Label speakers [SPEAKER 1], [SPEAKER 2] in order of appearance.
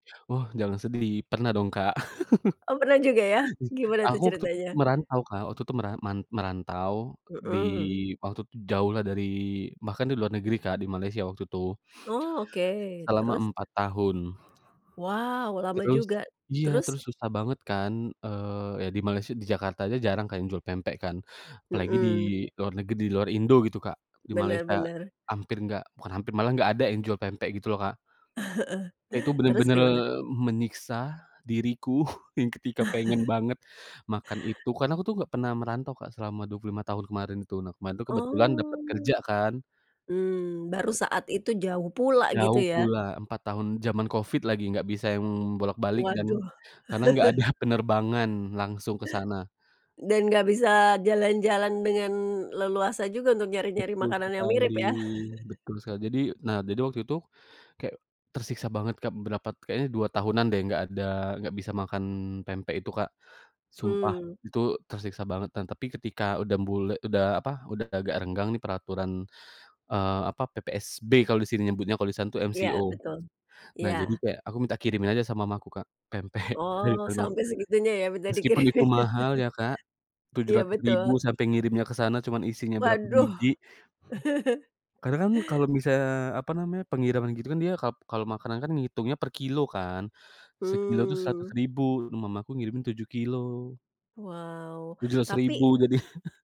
[SPEAKER 1] Wah, jangan sedih, pernah dong Kak.
[SPEAKER 2] Oh, pernah juga ya. Gimana tuh
[SPEAKER 1] Aku tuh
[SPEAKER 2] ceritanya?
[SPEAKER 1] merantau Kak, waktu itu meran man merantau di
[SPEAKER 2] Mhm.
[SPEAKER 1] waktu itu jauhlah dari bahkan di luar negeri Kak, di Malaysia waktu itu.
[SPEAKER 2] Oh, oke,
[SPEAKER 1] Selama
[SPEAKER 2] terus?
[SPEAKER 1] 4 tahun.
[SPEAKER 2] Wow, lama
[SPEAKER 1] Terus
[SPEAKER 2] juga,
[SPEAKER 1] iya,
[SPEAKER 2] terus?
[SPEAKER 1] terus susah banget kan, eee, ya di Malaysia, di Jakarta aja jarang kan jual pempek kan, apalagi di
[SPEAKER 2] Mhm.
[SPEAKER 1] luar neget di luar Indo gitu Kak, di
[SPEAKER 2] Bener
[SPEAKER 1] Malaysia
[SPEAKER 2] bener.
[SPEAKER 1] hampir nggak bukan hampir, malah nggak ada yang jual pempek gitu loh Kak.
[SPEAKER 2] Heeh.
[SPEAKER 1] Itu
[SPEAKER 2] Terus
[SPEAKER 1] bener-bener
[SPEAKER 2] gimana?
[SPEAKER 1] menyiksa diriku yang ketika pengen banget makan itu, kan aku tuh nggak pernah merantau, Kak, selama 25 tahun kemarin itu, nah kemarin kebetulan dapat
[SPEAKER 2] Oh.
[SPEAKER 1] kerja kan.
[SPEAKER 2] Mmm, baru saat itu jauh pula gitu
[SPEAKER 1] Jauh
[SPEAKER 2] ya.
[SPEAKER 1] pula, 4 tahun, zaman Covid lagi, nggak bisa yang bolak-balik dan
[SPEAKER 2] Waduh.
[SPEAKER 1] karena nggak ada penerbangan langsung ke sana.
[SPEAKER 2] Dan gak bisa jalan-jalan dengan leluasa juga untuk nyari-nyari
[SPEAKER 1] Betul
[SPEAKER 2] makanan yang mirip
[SPEAKER 1] sekali,
[SPEAKER 2] ya.
[SPEAKER 1] betul sa jadi, nah, jadi waktu itu kayak tersiksa banget, Kak, berapa kayaknya 2 tahunan deh nggak ada nggak bisa makan pempek itu, Kak. Sumpah
[SPEAKER 2] Mmm.
[SPEAKER 1] itu tersiksa banget dan tapi ketika udah mbule udah apa, udah agak renggang nih peraturan, eee, apa, PPSB kalau di sini nyebutnya kalau di sana tuh MCO.
[SPEAKER 2] Iya betul,
[SPEAKER 1] Nah jadi
[SPEAKER 2] iya.
[SPEAKER 1] kayak aku minta kirimin aja sama mama aku, Kak, pempek dari
[SPEAKER 2] Oh,
[SPEAKER 1] Palembang.
[SPEAKER 2] sampai segitunya ya minta
[SPEAKER 1] Meskipun itu
[SPEAKER 2] dikirimin.
[SPEAKER 1] mahal ya, Kak, tujuh
[SPEAKER 2] Iya,
[SPEAKER 1] ratus
[SPEAKER 2] betul.
[SPEAKER 1] ribu sampai ngirimnya ke sana cuman isinya berapa
[SPEAKER 2] Waduh.
[SPEAKER 1] biji. Karena kan kalau bisa misalnya apa namanya, pengiriman gitu kan dia kap kalau makanan kan ngitungnya per kilo kan. Sekilo itu seratus
[SPEAKER 2] Mmm.
[SPEAKER 1] ribu, mama aku ngirimin 7 kilogram.
[SPEAKER 2] Wow,
[SPEAKER 1] tujuh ratus
[SPEAKER 2] tapi
[SPEAKER 1] ribu jadi.